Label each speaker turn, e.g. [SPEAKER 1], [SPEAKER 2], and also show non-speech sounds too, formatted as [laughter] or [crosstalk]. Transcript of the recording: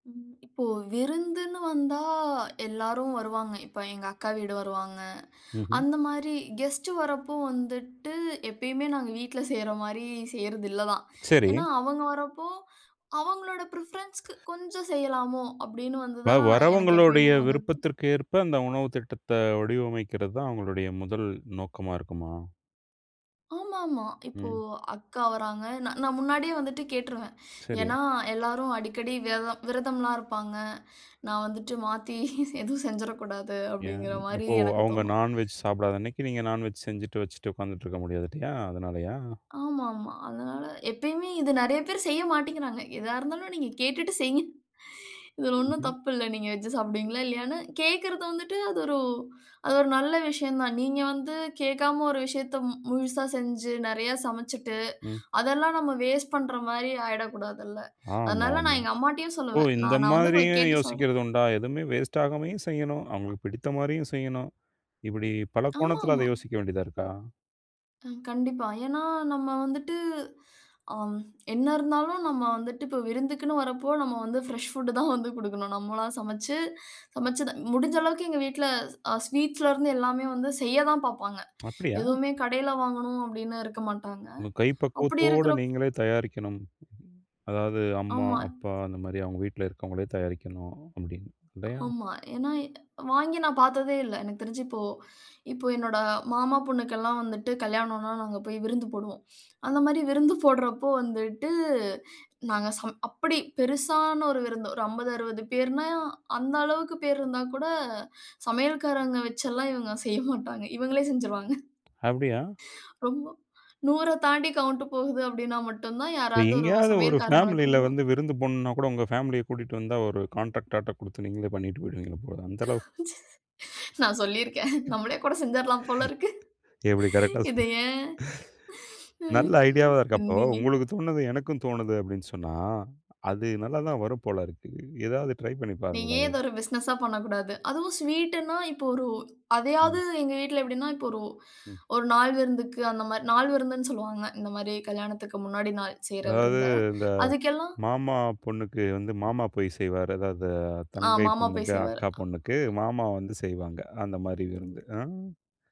[SPEAKER 1] ம், இப்போ விருந்துன்னு வந்தா எல்லாரும் வருவாங்க, இப்ப எங்க அக்கா வீடு வருவாங்க.
[SPEAKER 2] ம்ஹ்ம்.
[SPEAKER 1] அந்த மாரி கெஸ்ட் வர்றப்போ வந்துட்டு, எப்பயுமே நாங்க வீட்ல செய்ற மாரி செய்யறது இல்லதான்.
[SPEAKER 2] சரி.
[SPEAKER 1] ஏன்னா அவங்க வர்றப்போ அவுங்களோட பிரிஃபரன்ஸ்க்கு கொஞ்சம் செய்யலாமோ, அப்டின்னு
[SPEAKER 2] அப்ப,
[SPEAKER 1] வந்துதான் எனக்கு
[SPEAKER 2] வர்றவங்களுடைய
[SPEAKER 1] எப்பயுமே வந்தது.
[SPEAKER 2] விருப்பத்திற்கு ஏற்ப அந்த உணவு திட்டத்த வடிவமைக்கிறது தான் அவுங்களுடைய 1 நோக்கமா இருக்குமா?
[SPEAKER 1] ஆமா, ஆமா, இப்போ
[SPEAKER 2] ம்.
[SPEAKER 1] அக்கா வர்றாங்க, நா நான் முன்னாடியே வந்துட்டு கேட்ருவேன்.
[SPEAKER 2] சரி.
[SPEAKER 1] ஏன்னா, எல்லாரும் அடிக்கடி விதரம்-விரதம்லாம் இருப்பாங்க. நான் வந்துட்டு மாத்தி [laughs] எதுவும் செஞ்சிறக் கூடாது
[SPEAKER 2] ஏன்?
[SPEAKER 1] அப்டிங்கிற மாரி
[SPEAKER 2] அப்போ
[SPEAKER 1] எனக்கு
[SPEAKER 2] அவுங்க
[SPEAKER 1] தோணும்.
[SPEAKER 2] நான்வெஜ் சாப்பிடாத அன்னைக்கி நீங்க நான்வெஜ் செஞ்சுட்டு, வச்சிட்டு, உக்காந்துட்டு இருக்க முடியாது இல்லையா? அதனாலையா?
[SPEAKER 1] ஆமா. ஆமா, அதனால எப்யுமே இது நெறைய பேரு செய்ய மாட்டிகிறாங்க. எதா இருந்தாலும் நீங்க கேட்டுட்டு செய்யுங்க. [chuckles] இதுல ஒண்ணும்
[SPEAKER 2] ம்ஹ்ம்.
[SPEAKER 1] தப்பில்ல. நீங்க வெஜ் சாப்பிடுவீங்களா? இல்லையான்னு கேக்குறது வந்துட்டு அது ஒரு, அது ஒரு நல்ல விஷயம் தான். நீங்க வந்து கேக்காம ஒரு விஷயத்த, மு முழுசா செஞ்சி, நெறையா சமைச்சிட்டு,
[SPEAKER 2] ம்.
[SPEAKER 1] அதெல்லாம் நம்ம வேஸ்ட் பண்ற மாரி ஆயிறக்கூடாது இல்ல.
[SPEAKER 2] ஆமா.
[SPEAKER 1] அதனால
[SPEAKER 2] ஆமா.
[SPEAKER 1] நான் எங்க அம்மாட்டையும்
[SPEAKER 2] ஓ!
[SPEAKER 1] சொல்லுவேன், நா
[SPEAKER 2] இந்த
[SPEAKER 1] நா வந்து உங்கள
[SPEAKER 2] மாரியும்
[SPEAKER 1] கேட்டுட்டு சொல்றேன்.
[SPEAKER 2] யோசிக்கிறது உண்டா? எதுவுமே வேஸ்ட் ஆகாமயும் செய்யணும், அவுங்களுக்கு பிடித்த மாரியும் செய்யணும், இப்டி பல
[SPEAKER 1] ஆமா,
[SPEAKER 2] கோணத்துல அத
[SPEAKER 1] ஆமா.
[SPEAKER 2] யோசிக்க வேண்டியதா இருக்கா?
[SPEAKER 1] ம். கண்டிப்பா. ஏன்னா நம்ம வந்துட்டு, அம், என்ன இருந்தாலும் நம்ம வந்துட்டு இப்ப விருந்துக்குனு வர்றப்போ நம்ம வந்து பிரஷ் ஃபுட் [snorts] தான் வந்து குடுக்கணும். நம்மளா சமைச்சி சமைச்சது-முடிஞ்ச அளவுக்கு எங்க வீட்ல, அ, ஸ்வீட்ஸ்ல இருந்து எல்லாமே வந்து செய்யத்தான் பாப்பாங்க.
[SPEAKER 2] அப்டியா?
[SPEAKER 1] எதுவுமே கடைல வாங்கணும் அப்டின்னு இருக்க மாட்டாங்க.
[SPEAKER 2] உங்க கை
[SPEAKER 1] அப்டி
[SPEAKER 2] பக்குவத்தோட
[SPEAKER 1] இருக்கிறப்போ
[SPEAKER 2] நீங்களே தயாரிக்கணும். அதாவது அம்மா,
[SPEAKER 1] ஆமா.
[SPEAKER 2] அப்பா அந்த மாரி அவுங்க வீட்ல இருக்கிறவங்களே தயாரிக்கணும் அப்டின்னு. இல்லையா?
[SPEAKER 1] ஆமா, ஏன்னா வாங்கி நான் பாத்ததே இல்ல. எனக்கு தெரிஞ்சி இப்போ இப்போ என்னோட மாமா பொண்ணுக்கெல்லாம் வந்துட்டு கல்யாணம்னா நாங்க போயி விருந்து போடுவோம் அந்த மாரி விருந்து [snorts] போடறப்போ வந்துட்டு நாங்க, சமை அப்பிடி பெருசான ஒரு விருந்து, ஒரு 50 60 பேர்னா அந்த அளவுக்கு பேருன்னா கூட, சமையல்காரங்க வச்செல்லாம் இவுங்க செய்ய [laughs] மாட்டாங்க. இவுங்களே செஞ்சிருவாங்க. [snorts]
[SPEAKER 2] அப்டியா?
[SPEAKER 1] ரொம்ப, 100 தாண்டி கவுண்ட் போகுது அப்டின்னா மட்டும்தான், யாராவது ஒரு
[SPEAKER 2] எங்கயாவது ஒரு
[SPEAKER 1] சமையல்காரங்கள
[SPEAKER 2] பேமிலில வந்து
[SPEAKER 1] கூப்பிடுவாங்க.
[SPEAKER 2] விருந்து போணும்னா கூட உங்க பேமிலிய கூட்டிட்டு வந்தா, ஒரு கான்ட்ராக்ட் ஆர்டர் குடுத்து நீங்களே பண்ணிட்டு போயிடுவீங்க போல, அந்த அளவுக்கு.
[SPEAKER 1] நான் சொல்லிருக்கேன். நம்மளே கூட செஞ்சிரலாம் போல இருக்கு.
[SPEAKER 2] எப்டி கரெக்ட்டா
[SPEAKER 1] இதை
[SPEAKER 2] சொன்னேன்? [chuckles]
[SPEAKER 1] ஏன்? ம்.
[SPEAKER 2] நல்லா ஐடியாவா இருக்கா? அப்போ,
[SPEAKER 1] இல்லிங்க.
[SPEAKER 2] உங்களுக்கு தோண்னது எனக்கும் தோணுது அப்டின்னு சொன்னா, அது நல்லா தான் வரும் போல இருக்கு. ஏதாவது ட்ரை பண்ணி
[SPEAKER 1] நீ ஏன்
[SPEAKER 2] பாருங்களேன்.
[SPEAKER 1] இத ஒரு பிசினஸா பண்ணக்கூடாது? அதுவும் ஸ்வீட்ன்னா, இப்போ ஒரு அதையாவது
[SPEAKER 2] ம்.
[SPEAKER 1] எங்க வீட்ல எப்டின்னா, இப்போ ஒரு
[SPEAKER 2] ம்.
[SPEAKER 1] ஒரு நாள் விருந்துக்கு அந்த மாரி, நாள் விருந்துனு சொல்லுவாங்க, இந்த மாரி கல்யாணத்துக்கு முன்னாடி நாள் செய்யுற
[SPEAKER 2] அதாவது,
[SPEAKER 1] விருந்த,
[SPEAKER 2] இந்த
[SPEAKER 1] அதுக்கெல்லாம்
[SPEAKER 2] மாமா பொண்ணுக்கு வந்து, மாமா போயி செய்வாரு, அதாவது
[SPEAKER 1] ஆ,
[SPEAKER 2] தங்கை
[SPEAKER 1] மாமா போயி
[SPEAKER 2] பொண்ணுக்கு,
[SPEAKER 1] செய்வாரு.
[SPEAKER 2] அக்கா பொண்ணுக்கு மாமா வந்து செய்வாங்க, அந்த மாதிரி விருந்து. ஆ.